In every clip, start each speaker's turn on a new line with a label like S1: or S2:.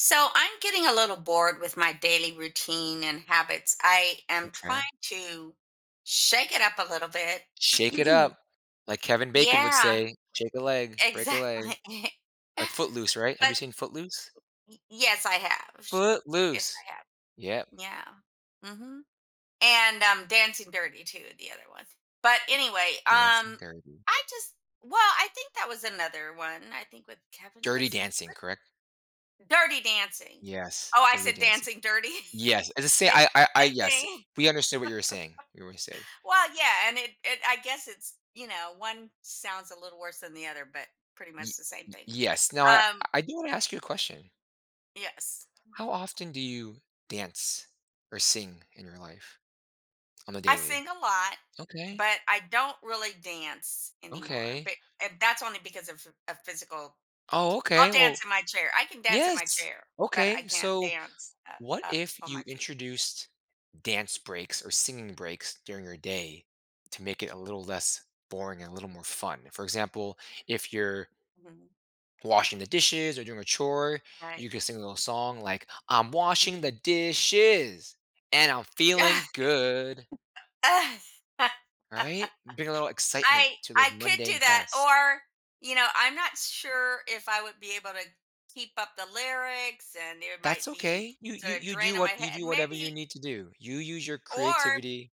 S1: So I'm getting a little bored with my daily routine and habits. I am trying
S2: Okay.
S1: to shake it up a little bit.
S2: Shake it up. Like Kevin Bacon would
S1: Yeah.
S2: say, "Shake a leg. Break a leg."
S1: Exactly.
S2: Like, Footloose, right? Have
S1: But
S2: you seen Footloose?
S1: Y yes, I have. Yes,
S2: Footloose.
S1: I have.
S2: Yep.
S1: Yeah. Mhm. And, um, Dancing Dirty too the other one. But anyway,
S2: Dancing
S1: um,
S2: Dirty.
S1: I just well, I think that was another one. I think with Kevin
S2: Dirty
S1: was
S2: Dancing,
S1: what
S2: correct?
S1: Dirty Dancing.
S2: Yes.
S1: Oh, I
S2: Dirty
S1: said
S2: Dancing.
S1: Dancing Dirty?
S2: Yes. As I say,
S1: I
S2: I I I
S1: I
S2: yes.
S1: think.
S2: We understood what you were saying. [unintelligible]
S1: Well, yeah, and it it I guess it's, you know, one sounds a little worse than the other, but pretty
S2: Y
S1: much the same
S2: y
S1: thing.
S2: yes. Now I
S1: Um.
S2: I do wanna ask you a question.
S1: Yes.
S2: How often do you dance or sing in your life on a
S1: I sing
S2: daily?
S1: a lot,
S2: Okay.
S1: but I don't really dance anymore,
S2: Okay.
S1: but it that's only because of of physical
S2: Oh,
S1: I'll
S2: okay.
S1: dance
S2: Well
S1: in my chair I can dance in my
S2: yes.
S1: chair, but I
S2: Okay.
S1: can't
S2: So,
S1: dance up
S2: what
S1: up
S2: if
S1: on
S2: you
S1: my feet.
S2: introduced dance breaks or singing breaks during your day to make it a little less boring and a little more fun. For example, if you're
S1: Mhm.
S2: washing the dishes or doing a chore,
S1: Right.
S2: you could sing a little song like, "I'm washing
S1: Mhm.
S2: the dishes, and I'm feeling good."
S1: I
S2: Right? Bring a little excitement to those
S1: I could do
S2: mundane
S1: that.
S2: tasks.
S1: Or, you know, I'm not sure if I would be able to keep up the lyrics, and it might
S2: That's
S1: be
S2: okay. You you
S1: sort of
S2: you do
S1: draining my
S2: what you
S1: head,
S2: do whatever you
S1: maybe
S2: need to do. You use your
S1: Or
S2: creativity.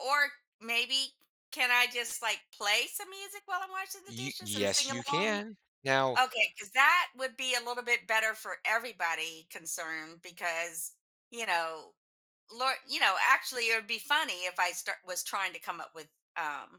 S1: or maybe can I just, like, play some music while I'm washing the
S2: You
S1: dishes and
S2: yes,
S1: sing
S2: you
S1: along?
S2: can. Now
S1: Okay, 'cause that would be a little bit better for everybody concerned because, you know lor you know, actually, it would be funny if I start was trying to come up with, um